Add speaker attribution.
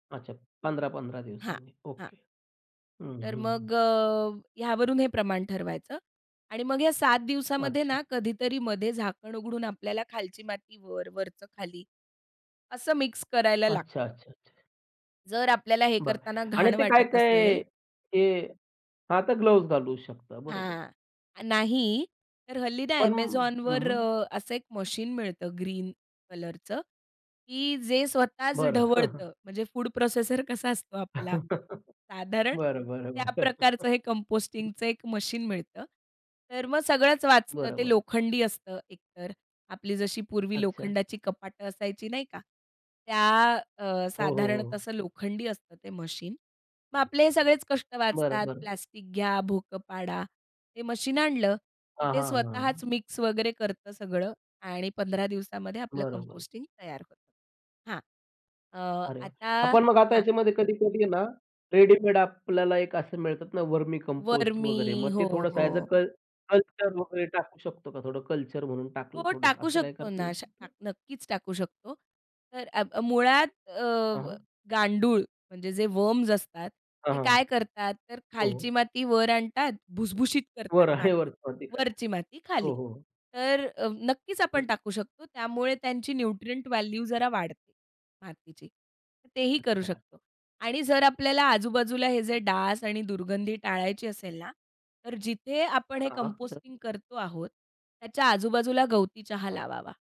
Speaker 1: अच्छा, 15-15
Speaker 2: हां,
Speaker 1: दिवसांनी.
Speaker 2: हां.
Speaker 1: ओके. हं,
Speaker 2: तर
Speaker 1: हं, हं.
Speaker 2: मग अ, ह्यावरून हे प्रमाण ठरवायचं आणि मग या 7 दिवसामध्ये
Speaker 1: अच्छा.
Speaker 2: ना, कधीतरी मध्ये झाकण उघडून आपल्याला खालची माती वर, वरच खाली, असं मिक्स करायला
Speaker 1: अच्छा,
Speaker 2: लागतं.
Speaker 1: अच्छा, अच्छा.
Speaker 2: जर आपल्याला हे
Speaker 1: बरं
Speaker 2: करतांना
Speaker 1: आणि
Speaker 2: घाण
Speaker 1: ते
Speaker 2: वाटत
Speaker 1: काय-काय
Speaker 2: असेल
Speaker 1: हे हां, आता ग्लोव्हज घालू शकतात, बरोबर.
Speaker 2: हां, नाही. तर हल्ली ना
Speaker 1: पण हं,
Speaker 2: Amazonवर
Speaker 1: हं.
Speaker 2: अ, असं 1 मशीन मिळतं ग्रीन कलरचं, की जे स्वतःच
Speaker 1: बरं.
Speaker 2: ढवळतं. म्हणजे फूड प्रोसेसर कसा असतो आपला. साधारण
Speaker 1: बरं, बरं, बरं.
Speaker 2: त्या प्रकारचं हे कंपोस्टिंगचं एक मशीन मिळतं. तर मग सगळंच वाचतं.
Speaker 1: बरं,
Speaker 2: ते
Speaker 1: बरं.
Speaker 2: लोखंडी असतं एकतर आपली जशी पूर्वी
Speaker 1: अच्छा.
Speaker 2: लोखंडाची कपाटं असायची नाही का? त्या अ,
Speaker 1: हो, हो,
Speaker 2: साधारणतः
Speaker 1: हो.
Speaker 2: असं लोखंडी असतं ते मशीन. मग आपले हे सगळेच कष्ट
Speaker 1: बरं,
Speaker 2: वाचतात.
Speaker 1: बरं.
Speaker 2: प्लास्टिक घ्या, भोकं पाडा. ते मशीन आणलं, की
Speaker 1: हां,
Speaker 2: ते
Speaker 1: हां, हां.
Speaker 2: स्वतःच मिक्स वगैरे करतं सगळं आणि 15 दिवसामध्ये आपलं
Speaker 1: बरोबर.
Speaker 2: कंपोस्टिंग तयार होतं. हां. अ,
Speaker 1: अरे वा!
Speaker 2: आता
Speaker 1: आपण मग आता
Speaker 2: हां.
Speaker 1: याच्यामध्ये कधी-कधी ना, रेडीमेड आपल्याला एक असं मिळतात ना, वर्मी कंपोस्ट वगैरे.
Speaker 2: वर्मी,
Speaker 1: मग ते
Speaker 2: हो,
Speaker 1: थोडंसं ॲज अ
Speaker 2: हो.
Speaker 1: क कल्चर वगैरे टाकू शकतो का, थोडं कल्चर म्हणून टाकलं
Speaker 2: हो,
Speaker 1: थोडंसं
Speaker 2: टाकू
Speaker 1: असं काही
Speaker 2: शकतो
Speaker 1: करता
Speaker 2: ना.
Speaker 1: येऊ शकतं?
Speaker 2: नक्कीच टाकू शकतो. तर आ मुळात अ,
Speaker 1: हां, हां.
Speaker 2: गांडूळ म्हणजे जे वम्स असतात,
Speaker 1: हां,
Speaker 2: ते
Speaker 1: हां,
Speaker 2: काय करतात, तर खालची
Speaker 1: हो.
Speaker 2: माती वर आणतात भुसभुशीत करतात
Speaker 1: वर आणि
Speaker 2: माती.
Speaker 1: वर [unintelligible] हो,
Speaker 2: वरची माती खाली.
Speaker 1: हो, हो.
Speaker 2: तर अ, नक्कीच
Speaker 1: हं.
Speaker 2: आपण टाकू शकतो. त्यामुळे त्यांची न्यूट्रिएंट व्हॅल्यू जरा वाढते. मातीची. तर तेही करू
Speaker 1: अच्छा.
Speaker 2: शकतो आणि जर आपल्याला आजूबाजूला हे जे डास आणि दुर्गंधी टाळायची असेल ना, तर जिथे आपण हे
Speaker 1: हां, हां. तर
Speaker 2: कंपोस्टिंग करतो आहोत, त्याच्या आजूबाजूला गवती चहा
Speaker 1: हां.
Speaker 2: लावावा.